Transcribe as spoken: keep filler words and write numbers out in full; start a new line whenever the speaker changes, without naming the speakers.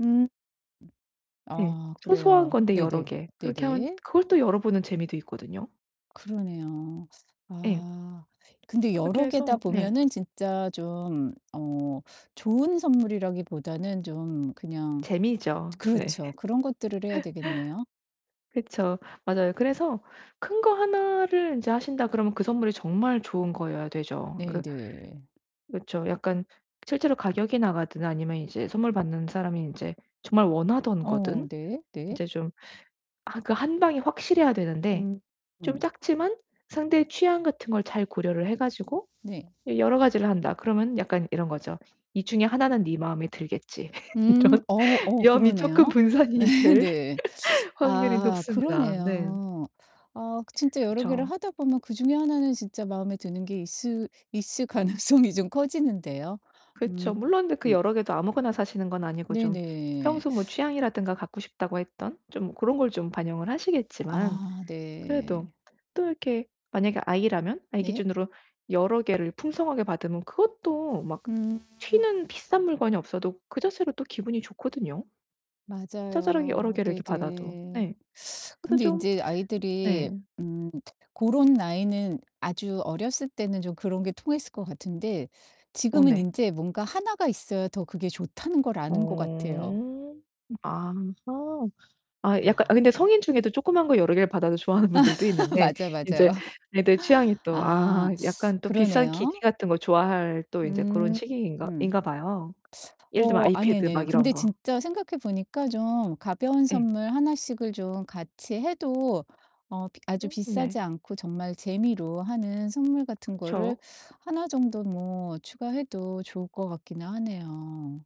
음.
네.
아
소소한
그래요.
건데 여러
네네.
개. 그렇게 하면
네네.
그걸 또 열어 보는 재미도 있거든요.
그러네요.
예.
아 근데
그렇게
여러 개다
해서 네.
보면은 진짜 좀 어 좋은 선물이라기보다는 좀 그냥
재미죠. 네.
그렇죠. 그런 것들을 해야 되겠네요.
그쵸. 맞아요. 그래서 '큰 거 하나를 인제 하신다.' 그러면 그 선물이 정말 좋은 거여야 되죠. 그
네네.
그쵸. 약간 실제로 가격이 나가든 아니면 이제 선물 받는 사람이 인제 정말 원하던 거든.
어 네 네.
인제 좀 아 그 한 방이 확실해야 되는데
음
좀
음.
작지만 상대의 취향 같은 걸 잘 고려를 해 가지고
네.
이 여러 가지를 한다. 그러면 약간 이런 거죠. '이 중에 하나는 네 마음에 들겠지.'
음
이런
어 어
위험이 쪼끔
그러네요.
분산이
네.
될
네.
확률이
아
높습니다. 네.
그러네요. 아 진짜 여러 개를
그쵸.
하다 보면 그중에 하나는 진짜 마음에 드는 게 있을 있을 가능성이 좀 커지는데요. 음.
그쵸. 물론 근데 그 여러 개도 아무거나 사시는 건 아니고 좀
네네.
평소 뭐 취향이라든가 갖고 싶다고 했던 좀 고런 걸 좀 반영을 하시겠지만
아
그래도
네.
또 이렇게 만약에 아이라면 아이
네.
기준으로 여러 개를 풍성하게 받으면 그것도 막
음.
튀는 비싼 물건이 없어도 그 자체로 또 기분이 좋거든요. 자잘하게 여러
맞아요.
개를 이렇게 받아도.
네네.
네. 그래서
근데
좀
인제 아이들이
네.
음 고런 나이는 아주 어렸을 때는 좀 그런 게 통했을 것 같은데
어
지금은
네.
인제 뭔가 하나가 있어야 더 그게 좋다는 걸 아는 것 같아요.
어. 아하. 아 약간 아
아.
근데 성인 중에도 조그만 거 여러 개를 받아도 좋아하는 분들도 있는데
맞아요,
인제
맞아요.
애들 취향이 또 아
아
약간 또 비싼 기기
그러네요.
같은 거 좋아할 또 인제 고런
음
시기인가
음.
인가 봐요. 예를 들면
어 아니,
아이패드
아니, 아니요.
막 이런
근데
거.
진짜 생각해 보니까 좀 가벼운
예.
선물 하나씩을 좀 같이 해도 어 비 아주
음
비싸지
네.
않고 정말 재미로 하는 선물 같은 거를
그쵸.
하나 정도 뭐 추가해도 좋을 것 같기는 하네요.